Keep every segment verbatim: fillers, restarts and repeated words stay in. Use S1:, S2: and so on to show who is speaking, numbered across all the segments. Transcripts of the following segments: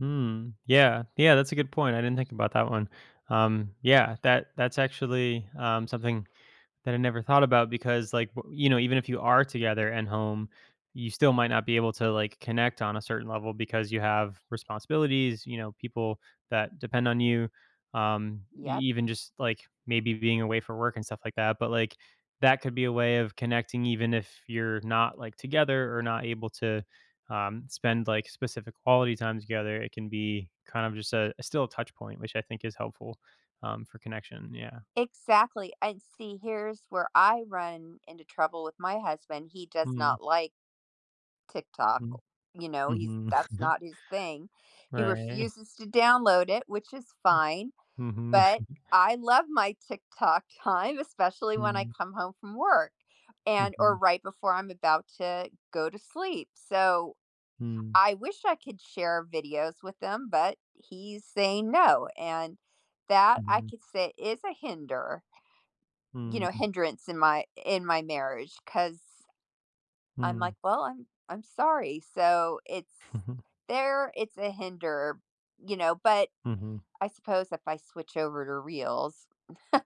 S1: Hmm, yeah, yeah. That's a good point. I didn't think about that one. Um, yeah, that that's actually, um, something that I never thought about because, like, w you know, even if you are together at home, you still might not be able to, like, connect on a certain level because you have responsibilities, you know, people that depend on you, um, e
S2: Yep.
S1: even just, like, maybe being away for work and stuff like that. But, like, that could be a way of connecting even if you're not, like, together or not able to, um, spend, like, specific quality time together, it can be kind of just a a still touch point which I think is helpful, um, for connection, yeah.
S2: Exactly, I'd see, here's where I run into trouble with my husband. He does
S1: Mhm.
S2: not like TikTok.
S1: Mm,
S2: You know, he's
S1: mhm.
S2: that's not his thing. He
S1: Right.
S2: refuses to download it, which is
S1: Mm.
S2: fine,
S1: Mhm.
S2: but I love my TikTok time, especially when I
S1: Mhm.
S2: come home from work, and or
S1: Mhm.
S2: right before I'm about to go to sleep. So,
S1: Mm.
S2: I wish I could share videos with him but he's saying no, and that, I
S1: Mhm.
S2: could say, is a hinder you know
S1: Mhm.
S2: hindrance in my in my marriage 'cause I'm,
S1: Mm.
S2: like, "Well, I'm I'm sorry." So, it's there it's a hinder, you know, but
S1: Mhm.
S2: I suppose if I switch over to Reels,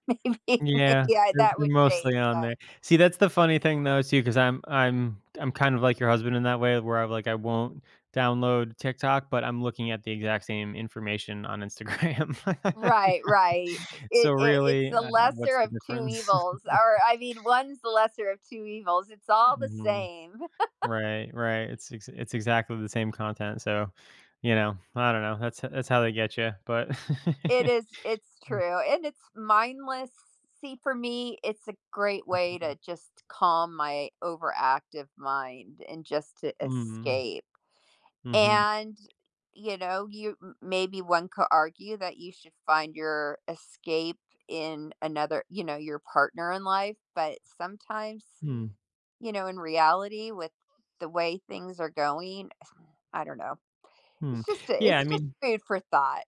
S2: maybe,
S1: Yeah.
S2: yeah,
S1: They're
S2: that
S1: they're
S2: would change,
S1: mostly on there.
S2: but
S1: See, that's the funny thing, though, too, 'cause I'm I'm I'm kind of like your husband in that way where I'm like, I won't download TikTok, but I'm looking at the exact same information on Instagram.
S2: Right, right.
S1: So,
S2: It it it's
S1: really,
S2: the
S1: uh,
S2: lesser
S1: what's the
S2: of two
S1: difference?
S2: evils, or, I mean, one's the lesser of two evils. It's all the
S1: Mhm.
S2: same.
S1: Right, right. It's ex it's exactly the same content. So, you know, I don't know. That's h that's how they getcha, but
S2: It is it's
S1: Mm.
S2: true, and it's mindless. See, for me, it's a great way
S1: Mhm.
S2: to just calm my overactive mind, and just to
S1: Mhm,
S2: escape,
S1: mhm.
S2: and, you know, you m maybe one could argue that you should find your escape in another, you know, your partner in life, but sometimes,
S1: Hmm.
S2: you know, in reality with the way things are going, I don't know,
S1: Hmm.
S2: it's just
S1: Yeah, I
S2: it's just
S1: mean
S2: food for thought.